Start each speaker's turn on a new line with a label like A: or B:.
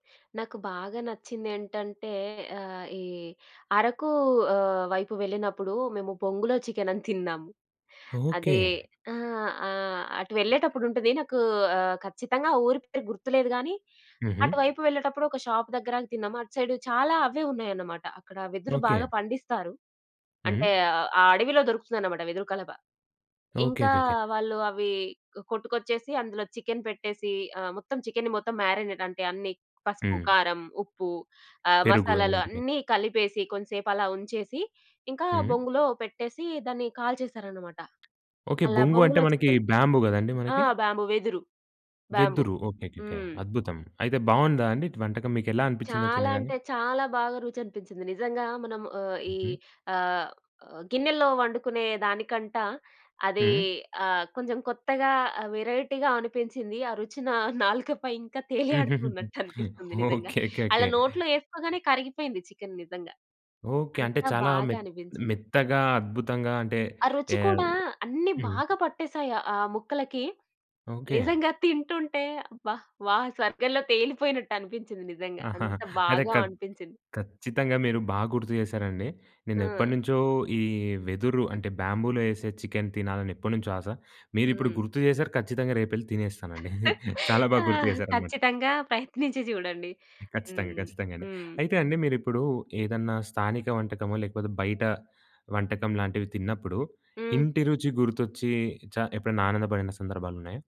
A: నాకు బాగా నచ్చిందేంటంటే ఆహ్, ఈ అరకు ఆహ్, వైపు వెళ్ళినప్పుడు మేము బొంగులో చికెనని తిన్నాం.
B: ఓకే.
A: అదే ఆహ్, ఆహ్, అటు వెళ్ళేటప్పుడు ఉంటది నాకు ఆహ్, ఖచ్చితంగా ఊరి పేరు గుర్తులేదు గానీ
B: హుహు.
A: అటు వైపు వెళ్ళేటప్పుడు ఒక షాప్ దగ్గర ఆగి తిన్నాము. అటు సైడు చాలా అవ్వే ఉన్నాయన్నమాట అక్కడ వెదురు
B: ఓకే.
A: బాగా పండిస్తారు. అంటే
B: హ్మ్.
A: అ అ ఆ అడవిలో దొరుకుతుందన్నమాట వెదురు కలబ. ఇంకా
B: ఓకేకేకే.
A: వాళ్ళు అవి కొట్టుకొచ్చేసి అందులో చికెను పెట్టేసి ఆహ్, మొత్తం చికెన్ని మొత్తం మారినేట్ అంటే అన్ని పసుపు,
B: హ్మ్.
A: కారం, ఉప్పు ఆహ్,
B: పెరుగు
A: మసాలాలు
B: అలాంటిది.
A: అన్ని కలిపేసి కొంచంసేపు అలా ఉంచేసి ఇంకా
B: హ్మ్.
A: బొంగులో పెట్టేసి దాన్ని కాల్చేసారన్నమాట.
B: ఓకే.
A: అలా
B: బొంగు అంటే
A: బొంగులో
B: మనకి
A: చికెను.
B: బ్యాంబూ కదండీ
A: ఆ!
B: మనకి.
A: బ్యాంబూ వెదురు, బ్యాంబూ
B: వెదురు ఓకేకేకే.
A: హ్మ్.
B: అద్భుతం. అయితే బాగుందా అండి టి వంటకం? మీకు ఎలా అనిపించిందది
A: చాలా
B: తినగానే?
A: అంటే చాలా బాగా రుచనిపించింది! నిజంగా మనం ఆహ్, ఈ
B: హుహు.
A: ఆహ్, ఆహ్, గిన్నెలో వండుకునే దానికంటా అది
B: హ్మ్.
A: ఆహ్, కొంచెం కొత్తగా ఆ వేరైటీగా అనిపించింది. ఆ రుచిన నా నాలుకపై ఇంకా తేలి
B: హుహుహుహు.
A: ఆడుతున్నట్టు అనిపిస్తుంది నిజంగా! అలా
B: ఓకేకేకే.
A: నోట్లో ఎసుకోగానే కరిగిపోయింది చికెను నిజంగా!
B: ఓకే. అంటే
A: అంతా
B: చాలా మె
A: బాగా అనిపించింది!
B: మెత్తగా అద్భుతంగా అంటే
A: ఆ రుచి
B: ఎహ్,
A: కూడా అన్ని
B: హ్మ్.
A: బాగా పట్టేసాయి ఆ ముక్కలకి.
B: ఓకే.
A: నిజంగా తింటుంటే అబ్బా! వా స్వర్గంలో తేలిపోయినట్టు అనిపించింది నిజంగా!
B: ఆహాహా!
A: అంత
B: అదే
A: బాగా
B: ఖ
A: అనిపించింది!
B: ఖచ్చితంగా మీరు బాగుర్తు చేసారండి. నేను
A: ఆ!
B: ఎప్పటినుంచో ఈ వెదురు అంటే బ్యాంబూలో ఎసే చికెన్ తినాలని ఎప్పటినుంచో ఆశ. మీరు ఇప్పుడు
A: హ్మ్.
B: గుర్తు చేసారు ఖచ్చితంగా రేపెళ్లి తినేస్తానండి. చాలా
A: ఆ!
B: బాగా గుర్తు చేసారన్నమాట.
A: ఖచ్చితంగా ప్రయత్నించి చూడండి.
B: ఖచ్చితంగా.
A: హ్మ్,
B: ఖచ్చితంగా అండి.
A: హ్మ్.
B: అయితే అండి మీరు ఇప్పుడు ఏదన్నా స్థానిక వంటకమో లేకపోతే బయట వంటకం లాంటివి తిన్నప్పుడు
A: హ్మ్.
B: ఇంటి రుచి గుర్తొచ్చి చ ఎప్పుడైనా ఆనందపడిన సందర్భాలున్నాయా?